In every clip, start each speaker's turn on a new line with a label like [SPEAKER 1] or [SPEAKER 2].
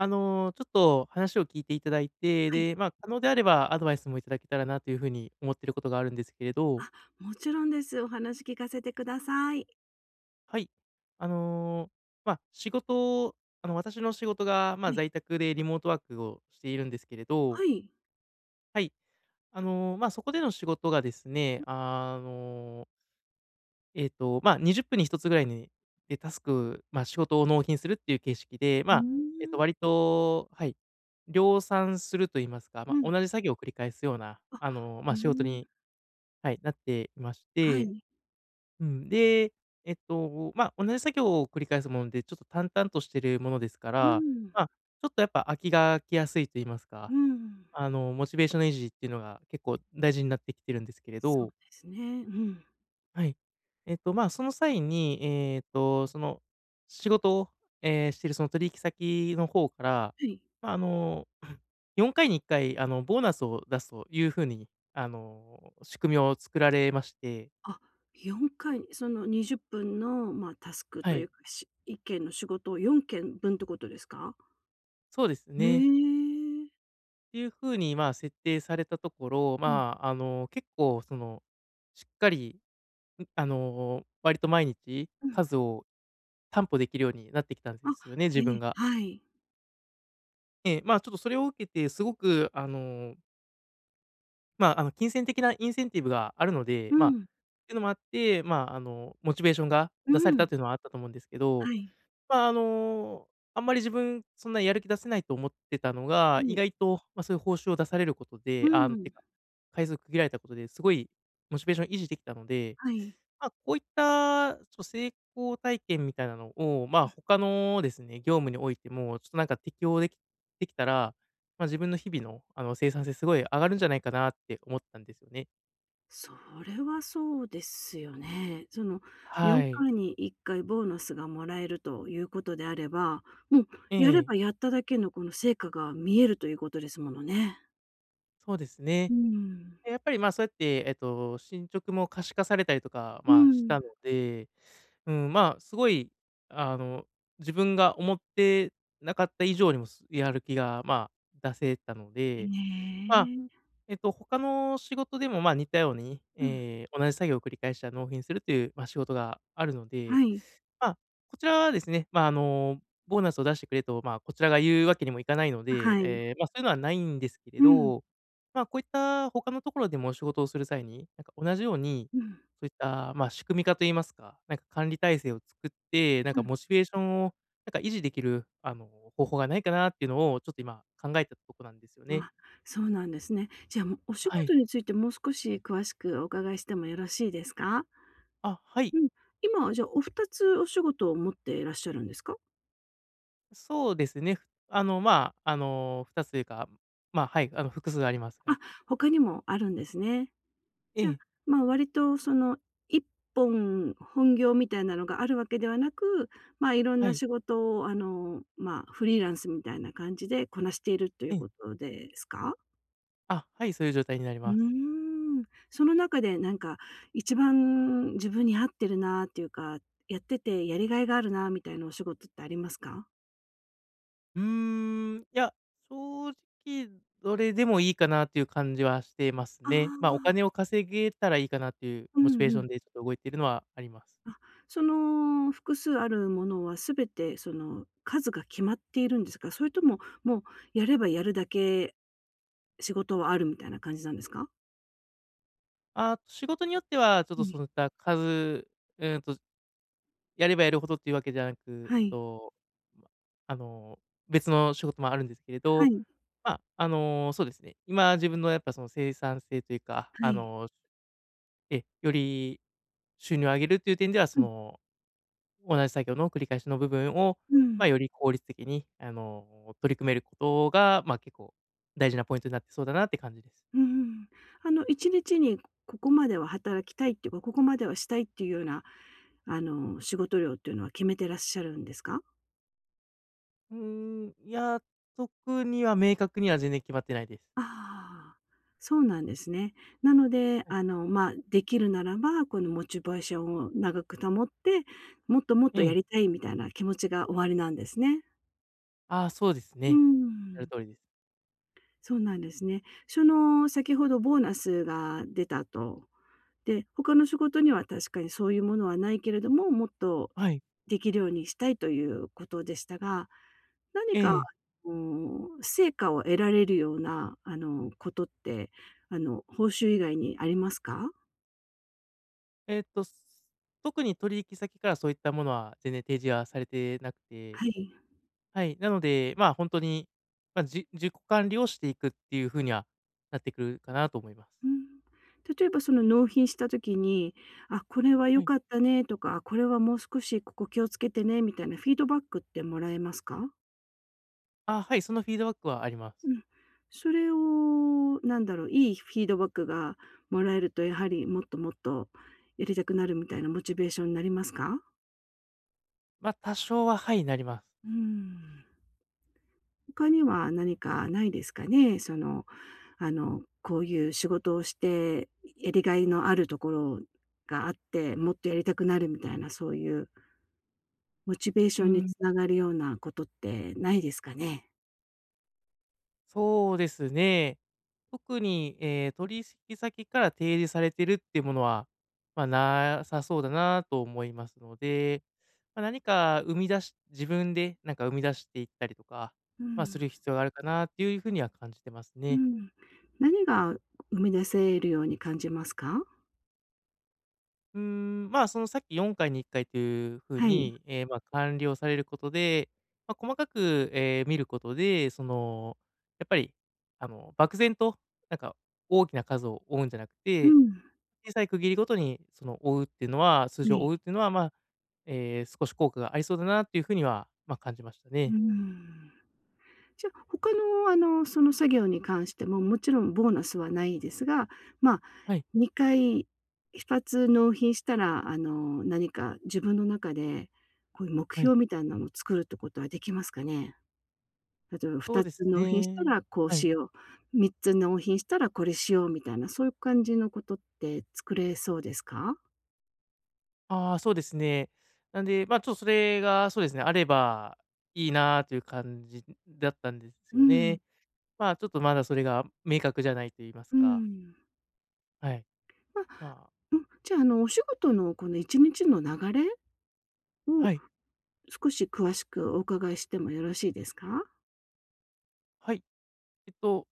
[SPEAKER 1] あの、ちょっと、話を聞いていただいて、
[SPEAKER 2] はい。
[SPEAKER 1] で、ま、可能であればアドバイスもいただけたらなというふうに思っていることがあるんですけれど。
[SPEAKER 2] あ、もちろんです。お話聞かせてください。
[SPEAKER 1] はい、あの、ま、仕事、あの、私の仕事が、ま、
[SPEAKER 2] はい。
[SPEAKER 1] 在宅でリモートワークをしているんですけれど
[SPEAKER 2] はい。
[SPEAKER 1] はい、あの、ま、そこでの仕事がですね、
[SPEAKER 2] う。
[SPEAKER 1] あのええと、ま、20分に1つぐらいに、で、タスク、ま、仕事を納品するっていう形式で、
[SPEAKER 2] うー
[SPEAKER 1] ま、えと、
[SPEAKER 2] ん。
[SPEAKER 1] 割と、はい、量産すると言いますか、
[SPEAKER 2] う
[SPEAKER 1] ま、
[SPEAKER 2] ん。
[SPEAKER 1] 同じ作業を繰り返すような、
[SPEAKER 2] あ、
[SPEAKER 1] あの、
[SPEAKER 2] う
[SPEAKER 1] ま、
[SPEAKER 2] ー
[SPEAKER 1] 仕事
[SPEAKER 2] ん。
[SPEAKER 1] に、はい、なっていまし
[SPEAKER 2] は
[SPEAKER 1] て。
[SPEAKER 2] い。
[SPEAKER 1] うん、で、えっと、ま、同じ作業を繰り返すもんで、ちょっと、淡々としているものですか
[SPEAKER 2] うー
[SPEAKER 1] ら、
[SPEAKER 2] ん。
[SPEAKER 1] ま、ちょっと、やっぱ、飽きが来やすいと言いますか、
[SPEAKER 2] うん。
[SPEAKER 1] あの、モチベーションの維持っていうのが結構大事になってきてるんですけれ
[SPEAKER 2] そう
[SPEAKER 1] ど。
[SPEAKER 2] ですね。うん。
[SPEAKER 1] はい、えと、ま、その際に、ええと、その、仕事を、え、しているその取引先の方から、
[SPEAKER 2] はい。
[SPEAKER 1] ま、あの、4回に1回、あの、ボーナスを出すというふうに、あの、仕組みを作られまして。
[SPEAKER 2] あ、4回、その、20分の、ま、タスク
[SPEAKER 1] は
[SPEAKER 2] とい
[SPEAKER 1] い。
[SPEAKER 2] うか、し1件の仕事を4件分ってことですか？
[SPEAKER 1] そうです
[SPEAKER 2] へ
[SPEAKER 1] ね。
[SPEAKER 2] え。
[SPEAKER 1] ていうふうにまあ設定されたところ、
[SPEAKER 2] はい。
[SPEAKER 1] まあ、あの結構そのしっかり、ん、あの割と毎日、
[SPEAKER 2] うん。
[SPEAKER 1] 数を担保できるようになってきたん
[SPEAKER 2] あ。
[SPEAKER 1] ですよね、
[SPEAKER 2] へ
[SPEAKER 1] 自
[SPEAKER 2] え、
[SPEAKER 1] 分が。
[SPEAKER 2] はい。
[SPEAKER 1] ええ。まあちょっとそれを受けて、すごくあのまあ、あの金銭的なインセンティブがあるので、
[SPEAKER 2] う
[SPEAKER 1] まあ、っ
[SPEAKER 2] ん。
[SPEAKER 1] ていうのもあってまあ、あのモチベーションが
[SPEAKER 2] うう
[SPEAKER 1] 出された
[SPEAKER 2] ん。
[SPEAKER 1] というのはあったと思うんですけど、
[SPEAKER 2] はい。
[SPEAKER 1] まあ、あの、あんまり自分そんなやる気出せないと思ってたのが、
[SPEAKER 2] は
[SPEAKER 1] 意
[SPEAKER 2] い。
[SPEAKER 1] 外と、ま、そういう報酬を出されること
[SPEAKER 2] ふ
[SPEAKER 1] で、あんって
[SPEAKER 2] ん。
[SPEAKER 1] か、回数区切られたことですごいモチベーションを維持できたので、
[SPEAKER 2] はい。
[SPEAKER 1] まあこういった、ちょ成功体験みたいなのをまあ、
[SPEAKER 2] うん。
[SPEAKER 1] 他のですね、業務においても、ちょっとなんか適用できできたら、まあ自分の日々のあの生産性すごい上がるんじゃないかなって思ったんですよね。
[SPEAKER 2] それはそうですよね。そのよ
[SPEAKER 1] は
[SPEAKER 2] ん
[SPEAKER 1] い。
[SPEAKER 2] かいに1回ボーナスがもらえるということであれば、もう
[SPEAKER 1] え
[SPEAKER 2] やれ
[SPEAKER 1] え。
[SPEAKER 2] ばやっただけのこの成果が見えるということですものね。
[SPEAKER 1] そうですね。
[SPEAKER 2] うん。
[SPEAKER 1] で、やっぱりまあそうやって、えっと、進捗も可視化されたりとか、
[SPEAKER 2] う
[SPEAKER 1] まあ、した
[SPEAKER 2] ん。
[SPEAKER 1] ので、うーん、まあすごい、あの自分が思ってなかった以上にもすやる気がまあ出せたの
[SPEAKER 2] へ
[SPEAKER 1] で、まあ、
[SPEAKER 2] え。
[SPEAKER 1] えっと他の仕事でもまあ似たように、
[SPEAKER 2] うん。
[SPEAKER 1] え、同じ作業を繰り返しては納品するというまあ仕事があるので。
[SPEAKER 2] はい。
[SPEAKER 1] ま、こちらはですね、まあ、あの、ボーナスを出してくれとまあこちらが言うわけにもいかないの
[SPEAKER 2] あ、
[SPEAKER 1] で、
[SPEAKER 2] はい。
[SPEAKER 1] え、まあそういうのはないんですけれ
[SPEAKER 2] うん。
[SPEAKER 1] ど、まあこういった他のところでも仕事をする際に、なんか同じように、
[SPEAKER 2] うん。
[SPEAKER 1] そういったまあ仕組み化と言いますか、なんか管理体制を作って、なん
[SPEAKER 2] う
[SPEAKER 1] か
[SPEAKER 2] ん。
[SPEAKER 1] モチベーションを、なんか維持できるあの方法がないかなっていうのをちょっと今考えてたとこなんですよね。
[SPEAKER 2] あ、そうなんですね。じゃあ、も、お仕
[SPEAKER 1] はい。
[SPEAKER 2] 事についてもう少し詳しくお伺いしてもよろしいですか？
[SPEAKER 1] あ、はい。
[SPEAKER 2] うん、今はじゃあお2つお仕事を持ってらっしゃるんですか？
[SPEAKER 1] あ、そうですね、あの、まあ、あの、2つというか、まあ、はい、あの、複数ありますが。
[SPEAKER 2] あ、他にもあるんですね。
[SPEAKER 1] え
[SPEAKER 2] じゃあ、
[SPEAKER 1] え。
[SPEAKER 2] ま、割と、その、一本本業みたいなのがあるわけではなく、ま、いろん
[SPEAKER 1] は
[SPEAKER 2] な
[SPEAKER 1] い。
[SPEAKER 2] 仕事を、あの、まあ、フリーランスみたいな感じでこなしているっとい
[SPEAKER 1] う
[SPEAKER 2] う
[SPEAKER 1] ん。
[SPEAKER 2] ことですか？
[SPEAKER 1] あ、はい、そういう状態になり
[SPEAKER 2] うー
[SPEAKER 1] ます。
[SPEAKER 2] ん。その中で、なんか、一番自分に合ってるなっていうか、やっててやりがいがあるなみたいなお仕事ってありますか？
[SPEAKER 1] うーん、いや、正直どれでもいいかなっていう感じはしてます
[SPEAKER 2] あ
[SPEAKER 1] ね。ま、お
[SPEAKER 2] あ。
[SPEAKER 1] 金を稼げたらいいかなっていう
[SPEAKER 2] う
[SPEAKER 1] モチ
[SPEAKER 2] ん、
[SPEAKER 1] ベー
[SPEAKER 2] ふ
[SPEAKER 1] ション
[SPEAKER 2] ん。
[SPEAKER 1] でちょっと動いてるのはあります。
[SPEAKER 2] あ、その複数あるものは全て、その、数が決まっているんですか？それとも、もう、やればやるだけ仕事はあるみたいな感じなんですか？
[SPEAKER 1] あ、仕事によっては、ちょっ
[SPEAKER 2] う
[SPEAKER 1] とそ
[SPEAKER 2] ん。
[SPEAKER 1] ういった数、え、うんと、やればやるほどっていうわけじゃなく、
[SPEAKER 2] はい。
[SPEAKER 1] と、ま、あの、別の仕事もあるんですけれ
[SPEAKER 2] は
[SPEAKER 1] ど、
[SPEAKER 2] い。
[SPEAKER 1] ま、あの、そうですね、今自分のやっぱその生産性というか、
[SPEAKER 2] は
[SPEAKER 1] あ
[SPEAKER 2] い。
[SPEAKER 1] の、え、より収入を上げるっていう点では、そ
[SPEAKER 2] うん。
[SPEAKER 1] の、同じ作業の繰り返しの部分を、
[SPEAKER 2] う
[SPEAKER 1] ま、
[SPEAKER 2] ん。
[SPEAKER 1] より効率的に、あの、取り組めることが、まあ、結構、大事なポイントになってそうだなって感じです。
[SPEAKER 2] うふん。あの1日にここまでは働きたいっていうか、ここまではしたいっていうような、あの、仕事量というのは決めてらっしゃるんですか？
[SPEAKER 1] うーん、いや、特には明確には全然決まってないです。
[SPEAKER 2] ああ、そうなんですね。なので、
[SPEAKER 1] はい。
[SPEAKER 2] あの、ま、できるならば、このモチベーションを長く保って、もっともっ
[SPEAKER 1] う
[SPEAKER 2] とや
[SPEAKER 1] ん。
[SPEAKER 2] りたいみたいな気持ちがおありなんですね。
[SPEAKER 1] あ、そうです
[SPEAKER 2] うー
[SPEAKER 1] ね。おっしゃる
[SPEAKER 2] ん。
[SPEAKER 1] 通りです。
[SPEAKER 2] そうなんですね。その、先ほどボーナスが出た、と。で、他の仕事には確かにそういうものはないけれども、もっと
[SPEAKER 1] はい。
[SPEAKER 2] できるようにしたいということでしたが、何
[SPEAKER 1] え
[SPEAKER 2] か、あ
[SPEAKER 1] え。
[SPEAKER 2] の、成果を得られるような、あの、ことって、あの、報酬以外にありますか？
[SPEAKER 1] えっと、特に取引先からそういったものは全然提示はされてなくて、
[SPEAKER 2] はい。
[SPEAKER 1] はい、なので、ま、ほんとに、ま、じ自己管理をしていくっていうふうには、なってくるかなと思います。
[SPEAKER 2] うん、例えば、その、納品した時に、「あ、これは
[SPEAKER 1] は
[SPEAKER 2] 良
[SPEAKER 1] い。
[SPEAKER 2] かったね」とか、「これはもう少し、ここ気をつけてね」みたいなフィードバックってもらえますか？
[SPEAKER 1] あ、はい、そのフィードバックはあります。
[SPEAKER 2] うん。それを、なんだろう、良いフィードバックが貰えると、やはりもっともっとやりたくなるみたいなモチベーションなりますか？
[SPEAKER 1] まあ、多少はハイなりま。
[SPEAKER 2] うん。他には何かないですかね。その、あの、こういう仕事をして、やりがいのあるところがあって、もっとやりたくなるみたいな、そういう。モチベーシ
[SPEAKER 1] う
[SPEAKER 2] ョンに
[SPEAKER 1] ん。
[SPEAKER 2] 繋がるようなことってないですかね？
[SPEAKER 1] そうですね。特にええ取しき先から提示されてるっていうものは、まあ、なさそうだなと思いますので、まあ、何か生み出し、自分でなんか生み出していったりとか、
[SPEAKER 2] う
[SPEAKER 1] まあ、す
[SPEAKER 2] ん。
[SPEAKER 1] る必要があるかなっていうふうには感じてます
[SPEAKER 2] う
[SPEAKER 1] ね。
[SPEAKER 2] ん。何が生み出せるように感じますか？
[SPEAKER 1] うーん。まあ、そのさっき4回に1回というふう
[SPEAKER 2] はい。
[SPEAKER 1] に、え、まあ、完了されることで、まあ、細かく、え、見ることで、そのやっぱり、あの、漠然となんか大きな数を追うんじゃなく
[SPEAKER 2] う
[SPEAKER 1] て、
[SPEAKER 2] ん。
[SPEAKER 1] 小さい区切りごとにその追うっていうのは、数
[SPEAKER 2] は
[SPEAKER 1] 字を
[SPEAKER 2] い。
[SPEAKER 1] 追うっていうのは、まあ、え、少し効果がありそうだなっていうふうには、まあ、感じました
[SPEAKER 2] うー
[SPEAKER 1] ね。
[SPEAKER 2] ん。じゃ、他の、あの、その作業に関しても、もちろんボーナスはないですが、まあ、
[SPEAKER 1] はい。
[SPEAKER 2] 2回、2つ納品したら、あの、何か自分の中でこういう目
[SPEAKER 1] はい。
[SPEAKER 2] 標みたいなのを作るってことはできますかね？例えば、ふ
[SPEAKER 1] そう
[SPEAKER 2] た
[SPEAKER 1] です
[SPEAKER 2] つ納品した
[SPEAKER 1] ね
[SPEAKER 2] らこう
[SPEAKER 1] はい。
[SPEAKER 2] しよう、3つ納品したらこれしようみたいな、そういう感じのことって作れそうですか？
[SPEAKER 1] ああ、そうですね。なんで、ま、ちょっとそれが、そうですね、あればいいな、という感じだったんです
[SPEAKER 2] う
[SPEAKER 1] よ
[SPEAKER 2] ん。
[SPEAKER 1] ね。ま、ちょっとまだそれが明確じゃないといいま
[SPEAKER 2] う
[SPEAKER 1] すか。
[SPEAKER 2] ん。
[SPEAKER 1] はい。
[SPEAKER 2] ま、
[SPEAKER 1] まあ。
[SPEAKER 2] うん。じゃあ、あの、お仕事のこの1日の流れ、を
[SPEAKER 1] はい。
[SPEAKER 2] 少し詳しくお伺いしてもよろしいですか？
[SPEAKER 1] はい。えっと、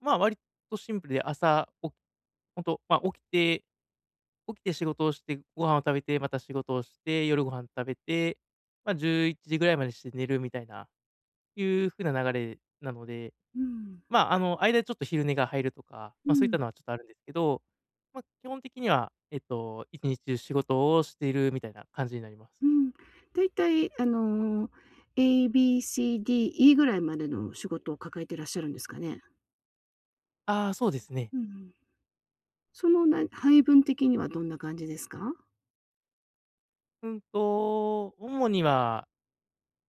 [SPEAKER 1] ま、割とシンプルで、朝、お本当、ま、起きて起きて仕事をして、ご飯を食べて、また仕事をして、夜ご飯食べて、ま、11時ぐらいまでして寝るみたいな、いう風な流れなので、
[SPEAKER 2] うん。
[SPEAKER 1] まあ、あの間でちょっと昼寝が入るとか、
[SPEAKER 2] う
[SPEAKER 1] ま、そういっ
[SPEAKER 2] ん。
[SPEAKER 1] たのはちょっとあるんですけど、ま、基本的にはえっと、1日中仕事をしているみたいな感じになります。
[SPEAKER 2] うん。大体あの、エー、ビー、シー、ディー、イー、ぐらいまでの仕事を抱えていらっしゃるんですかね？
[SPEAKER 1] ああ、そうですね。
[SPEAKER 2] うんうん。そのな配分的にはどんな感じですか？
[SPEAKER 1] うんと、主には、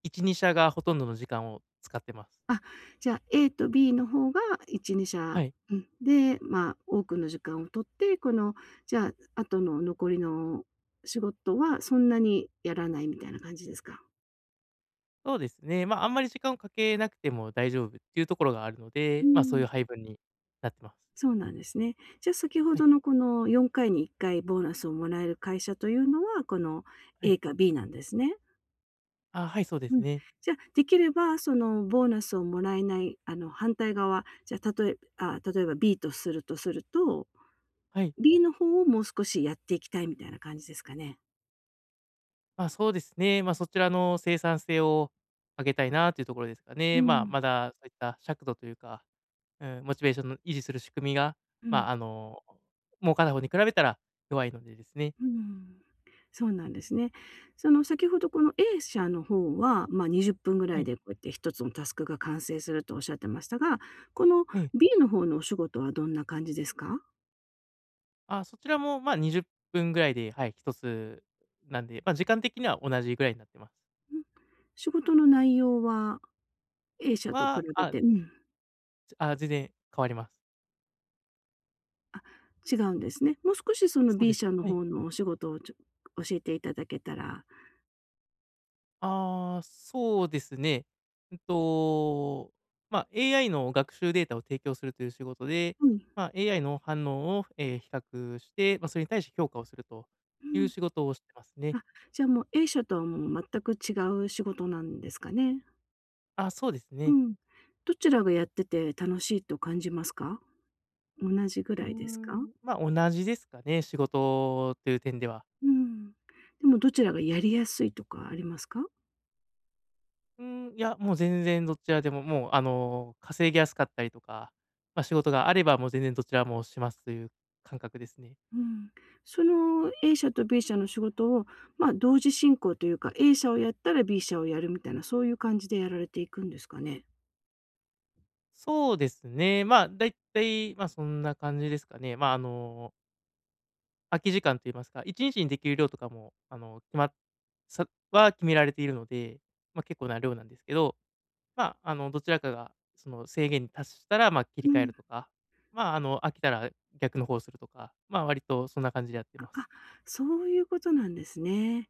[SPEAKER 1] 1、2社がほとんどの時間を使ってます。
[SPEAKER 2] あ、じゃ、A と B の方が、1、にし
[SPEAKER 1] は
[SPEAKER 2] ゃ、
[SPEAKER 1] い。
[SPEAKER 2] うん。で、ま、多くの時間を取って、この、じゃあ、後の残りの仕事はそんなにやらないみたいな感じですか？
[SPEAKER 1] そうですね。ま、あんまり時間をかけなくても大丈夫っていうところがあるの
[SPEAKER 2] うー
[SPEAKER 1] で、ま、そういう
[SPEAKER 2] ん。
[SPEAKER 1] 配分になってます。
[SPEAKER 2] そうなんですね。じあ、先ほ
[SPEAKER 1] はい。
[SPEAKER 2] どのこの、4回に1回ボーナスをもらえる会社というのは、この
[SPEAKER 1] はい。
[SPEAKER 2] A か B なんですね？
[SPEAKER 1] あ、はい、そうです
[SPEAKER 2] うん。
[SPEAKER 1] ね。
[SPEAKER 2] じゃ、出来れば、そのボーナスをもらえない、あの、反対側、じゃ、例えあ、例えば B とするとすると、
[SPEAKER 1] はい。
[SPEAKER 2] B の方をもう少しやっていきたいみたいな感じですかね。
[SPEAKER 1] ま、そうですね。ま、そちらの生産性を上げたいな、というところですか
[SPEAKER 2] う
[SPEAKER 1] ね。ま、
[SPEAKER 2] ん。
[SPEAKER 1] まだそういった尺度というか、うん、モチベーションの維持する仕組みが、
[SPEAKER 2] う
[SPEAKER 1] ま、
[SPEAKER 2] ん。
[SPEAKER 1] あの、儲かる方に比べたら、弱いのでですね。
[SPEAKER 2] うーん。そうなんですね。その、先ほど、この A 社の方は、ま、20分ぐ
[SPEAKER 1] は
[SPEAKER 2] らい
[SPEAKER 1] い。
[SPEAKER 2] で、こうやって1つのタスクが完成すると仰ってましたが、この
[SPEAKER 1] ええ。
[SPEAKER 2] B の方のお仕事はどんな感じですか？
[SPEAKER 1] あ、そちらも、まあ20分ぐらいで、はい、1つなんで、ま、時間的には同じぐらいなってます。
[SPEAKER 2] ん、仕事の内容は、A 社と比
[SPEAKER 1] は、
[SPEAKER 2] べ
[SPEAKER 1] あ
[SPEAKER 2] てうん。
[SPEAKER 1] つ、あ、全然変わります。
[SPEAKER 2] あ、違うんですね。もう少し、その、
[SPEAKER 1] そうで
[SPEAKER 2] B
[SPEAKER 1] す。
[SPEAKER 2] 社の
[SPEAKER 1] はい。
[SPEAKER 2] 方のお仕事をちょ教えていただけたら。
[SPEAKER 1] ああ、そうですね。うんと、ま、AI の学習データを提供するという仕事で、
[SPEAKER 2] うん。
[SPEAKER 1] まあ、AI の反応を、ええ、比較して、ま、それに対して評価をすると
[SPEAKER 2] う
[SPEAKER 1] いう
[SPEAKER 2] ん。
[SPEAKER 1] 仕事をしてますね。
[SPEAKER 2] あ、じゃあ、もう、A 社とはもう全く違う仕事なんですかね？
[SPEAKER 1] あ、そうです
[SPEAKER 2] う
[SPEAKER 1] ね。
[SPEAKER 2] ん、どちらがやってて楽しいと感じますか？同じぐ
[SPEAKER 1] うー
[SPEAKER 2] らいですか？
[SPEAKER 1] ん、ま、同じですかね、仕事という点では。
[SPEAKER 2] うん。でもどちらがやりやすいとかありますか？
[SPEAKER 1] うーん、いや、もう全然どちらでも、もう、あの、稼ぎやすかったりとか、ま、仕事があればもう全然どちらもしますという感覚ですね。
[SPEAKER 2] うん。その A 社と B 社の仕事を、まあ、同時進行というか、A 社をやったら B 社をやるみたいな、そういう感じでやられていくんですかね。
[SPEAKER 1] そうですね、まあ、大体、ま、そんな感じですかね。まあ、あの…空き時間と言いますか、1日に出来る量とかも、あの、決まそは決められているので。ま、結構な量なんですけど。ま、あの、どちらかがその制限に達したら、ま、切り
[SPEAKER 2] う
[SPEAKER 1] 替え
[SPEAKER 2] ん。
[SPEAKER 1] るとか、ま、あの、飽きたら逆の方をするとか、ま、割とそんな感じでやって
[SPEAKER 2] あ
[SPEAKER 1] ます。
[SPEAKER 2] あ、そういうことなんですね。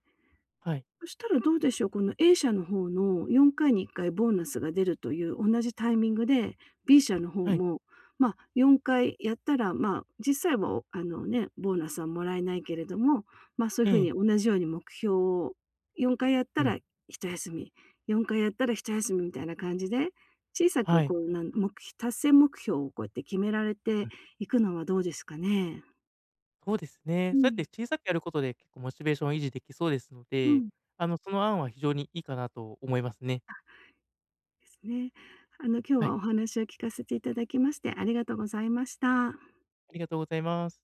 [SPEAKER 1] はい。
[SPEAKER 2] そしたらどうでしょう。この A 社の方の、4回に1回ボーナスが出るという同じタイミングで、B 社の方
[SPEAKER 1] はい。
[SPEAKER 2] も、ま、4回やったら、ま、実際はあのね、ボーナスはもらえないけれども、ま、そういう
[SPEAKER 1] え
[SPEAKER 2] 風に
[SPEAKER 1] え。
[SPEAKER 2] 同じように目標を、4回やっ
[SPEAKER 1] う
[SPEAKER 2] た
[SPEAKER 1] ん。
[SPEAKER 2] ら一休み、4回やったら一休みみたいな感じで、小さく
[SPEAKER 1] はい。
[SPEAKER 2] こうなんもくひ達成目標をこうやって決められ
[SPEAKER 1] う
[SPEAKER 2] て
[SPEAKER 1] ん。
[SPEAKER 2] いくのはどうですかね。
[SPEAKER 1] そうですね。
[SPEAKER 2] う
[SPEAKER 1] そうやって
[SPEAKER 2] ん。
[SPEAKER 1] 小さくやることで、結構モチベーションを維持出来そうですの
[SPEAKER 2] う
[SPEAKER 1] で、
[SPEAKER 2] ん。
[SPEAKER 1] あのその案は非常にいいかなと思いますね。
[SPEAKER 2] あ、ですね。あの今日
[SPEAKER 1] はい。
[SPEAKER 2] はお話を聞かせていただきましてありがとうございました。
[SPEAKER 1] ありがとうございます。